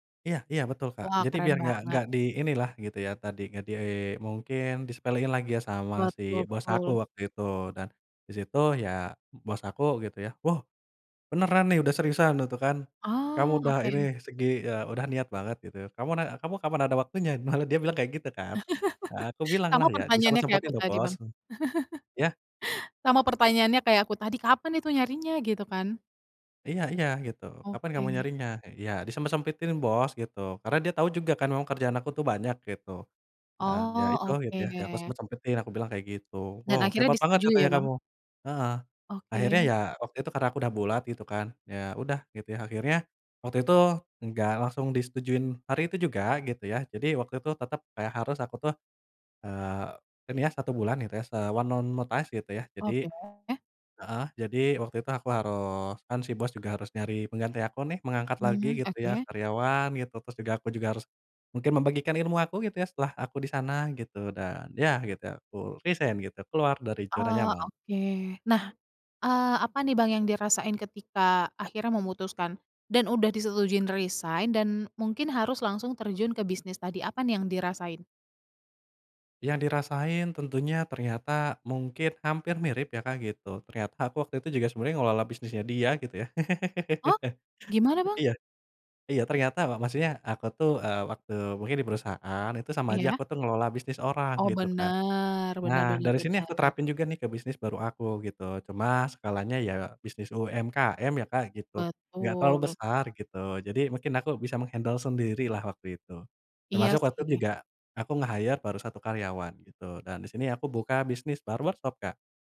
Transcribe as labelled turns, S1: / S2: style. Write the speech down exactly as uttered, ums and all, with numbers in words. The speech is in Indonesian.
S1: Iya iya, betul Kak.
S2: Wah,
S1: Jadi
S2: keren
S1: biar enggak
S2: banget.
S1: enggak di inilah gitu ya, tadi, nggak di mungkin disepelein lagi ya, sama
S2: Buat,
S1: si bos aku
S2: ngobrol.
S1: waktu itu dan, disitu ya, bos aku gitu ya, "Wow beneran nih, udah seriusan?" Gitu kan, "Kamu
S2: Oh,
S1: udah ini
S2: oke.
S1: segi e udah niat banget," gitu, "Kamu nak kamu kapan ada waktunya?" Malah dia bilang kayak gitu kan, aku bilang
S2: Sama
S1: lah ya,
S2: pertanyaannya kayak
S1: "Disempet-sempetin
S2: aku
S1: loh
S2: tadi
S1: bos."
S2: Bang.
S1: Iya?
S2: Sama pertanyaannya kayak aku tadi, kapan itu nyarinya? Gitu kan.
S1: Iya iya, gitu. "Kapan kamu
S2: Oke.
S1: nyarinya?" Iya "Disempet-sempetin bos," gitu, karena dia tahu juga kan memang kerjaan aku tuh banyak, gitu. Dan, ya itu,
S2: Oh,
S1: gitu ya "Aku
S2: oke.
S1: sempet-sempetin," aku bilang kayak gitu,
S2: Dan
S1: "Wow
S2: akhirnya
S1: hebat banget"
S2: disetujui ya
S1: katanya kamu
S2: Bang?
S1: heeh. Akhirnya,
S2: Oke.
S1: ya waktu itu karena aku udah bulat, gitu kan, ya udah, gitu ya. Akhirnya, waktu itu enggak langsung disetujui hari itu juga, gitu ya. Jadi, waktu itu tetep kayak harus aku tuh, eee, ini ya, satu bulan, gitu ya, se one month notice, gitu ya. Jadi
S2: Oke.
S1: heeh, jadi waktu itu aku harus kan si bos juga harus nyari pengganti aku nih, mengangkat lagi
S2: Hmm,
S1: gitu ya
S2: oke.
S1: karyawan gitu. Terus juga, aku juga harus mungkin, membagikan ilmu aku, gitu ya, setelah aku di sana gitu, dan ya gitu, aku resign gitu, keluar dari zona
S2: Oh,
S1: nyaman.
S2: oke. Nah, eee, apa nih Bang yang dirasain ketika akhirnya memutuskan, dan udah disetujuin resign dan mungkin harus langsung terjun ke bisnis tadi? Apa nih yang dirasain?
S1: Yang dirasain tentunya, ternyata, mungkin hampir mirip ya Kak, gitu. Ternyata aku waktu itu juga sebenarnya mengelola bisnisnya dia gitu ya.
S2: Oh, gimana Bang?
S1: Iya iya, ternyata wa maksudnya, aku tuh, e waktu mungkin di perusahaan, itu sama aja
S2: Iya?
S1: aku tuh mengelola bisnis orang,
S2: Oh,
S1: gitu kan.
S2: bener bener
S1: Nah,
S2: bener
S1: dari sini aku
S2: bener.
S1: terapin juga nih ke bisnis baru aku gitu, cuma skalanya ya, bisnis UMKM ya Kak gitu, enggak terlalu
S2: Betul.
S1: besar, gitu. Jadi mungkin aku bisa meng-handle sendirilah waktu itu.
S2: Iya
S1: Termasuk waktu itu
S2: sih.
S1: juga, aku nge-hire baru satu karyawan gitu, dan di sini aku buka bisnis bar workshop Kak.